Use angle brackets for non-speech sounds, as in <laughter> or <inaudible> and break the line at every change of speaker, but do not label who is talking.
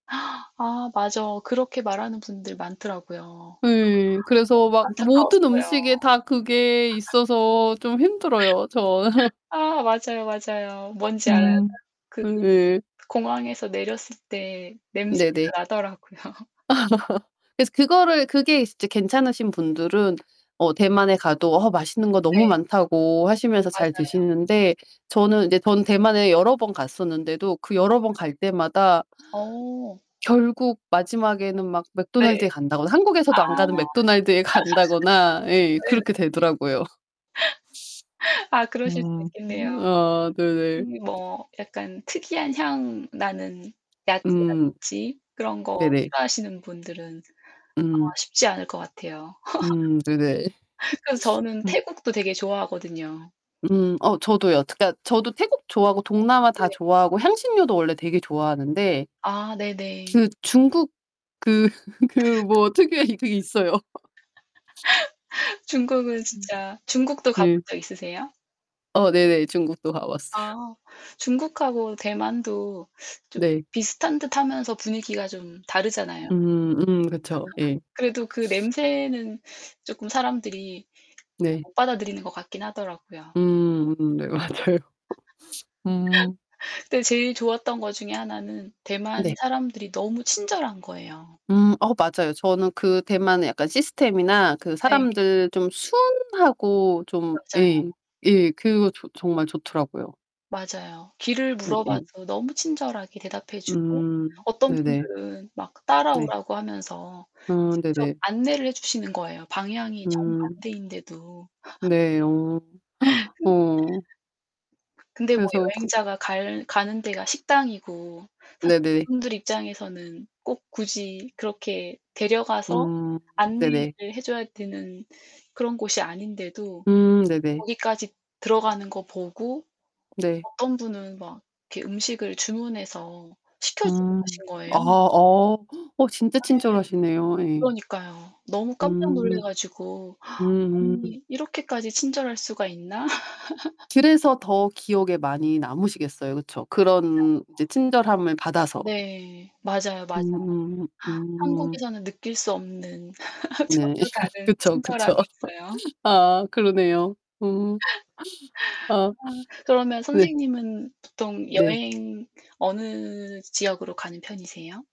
<gasps> 아 맞아. 그렇게 말하는 분들 많더라고요. 어
네 그래서 막 모든
안타까웠어요.
음식에 그게 있어서 좀 힘들어요 저는.
<laughs> 아 맞아요, 맞아요. 뭔지 알아요. 딱
음.
그
네.
공항에서 내렸을 때
네네.
냄새가 나더라고요.
<laughs> 그래서 그거를 그게 이제 괜찮으신 분들은 어 대만에 가도 어 맛있는 거 너무
네.
많다고 하시면서
맞아요.
잘
맞아요.
드시는데 저는 이제 전 대만에 여러 번 갔었는데도 그
아.
여러 번 갈 때마다
어.
<gasps> 결국 마지막에는 막
네.
맥도날드에 간다거나.
아.
한국에서도 안 가는
<laughs>
맥도날드에 간다거나. 예
네네.
그렇게 되더라고요.
<laughs> 아 그러실 수도
음.
있겠네요.
아 네네.
특히 뭐 약간 특이한 향 나는
음.
야채라든지 그런 거
네네.
싫어하시는 분들은 아마
음.
쉽지 않을 것 같아요.
음. 네네.
<laughs> 그래서 저는
<laughs> 음.
태국도 되게 좋아하거든요.
음 어 저도요. 그니까 저도 태국 좋아하고 동남아
네.
다 좋아하고 향신료도 원래 되게 좋아하는데
아 네네.
그 중국 그 그 뭐 특유의 그게 있어요.
<laughs> 중국은
음,
진짜. 중국도 가본
네.
적 있으세요?
어 네네. 중국도 가 봤어요.
아 중국하고 대만도 좀
네.
비슷한 듯하면서 분위기가 좀 다르잖아요. <laughs>
음. 음. 그쵸. 예.
그래도 그 냄새는 쪼끔 사람들이 잘
네.
못 받아들이는 것 같긴 하더라고요.
음. 음 네 맞아요. 음.
<laughs> 그런데 제일 좋았던 거 중에 하나는 대만의
네.
사람들이 너무 친절한 거예요.
음 어 맞아요. 저는 그 대만의 약간 시스템이나 그
네.
사람들 좀 순하고 좀
맞아요.
예. 예. 그거 저 정말 좋더라고요.
맞아요. 길을
응응
물어봐도 너무 친절하게 대답해 주고
음.
어떤
네네.
분들은 막
네.
따라오라고 하면서
아
직접
네네.
안내를 해 주시는 거예요. 방향이
음.
정반대인데도.
네. 어.
<laughs>
<gasps>
근
어.
근데 뭐
그래서 그
여행자가 갈 가는 데가 식당이고. 사실
네네.
그분들 입장에서는 꼭 굳이 그렇게 데려가서
음 네네.
안내를 해 줘야 되는 그런 곳이 아닌데도
음 네네.
거기까지 들어가는 거 보고
네.
어떤 분은 막 이렇게 음식을 주문해서 시켜주고
음.
가신
아
거예요.
어 <gasps> 어 진짜 친절하시네요.
<unintelligible>
예.
그러니까요. 너무 깜짝 놀라
음.
가지고. <gasps>
음.
'아니 이렇게까지 친절할 수가 있나?' <laughs>
그래서 더 기억에 많이 남으시겠어요. 그쵸?
맞아요.
그런 이제 친절함을 받아서.
네. 맞아요, 맞아요.
음 음.
한국에서는 느낄 수 없는 <laughs>
네.
전혀 다른
그쵸.
친절함이
그쵸.
있어요.
아 그러네요. 음. <gasps>
<laughs>
아.
아 그러면
네.
선생님은 보통
네.
여행 어느 지역으로 가는 편이세요?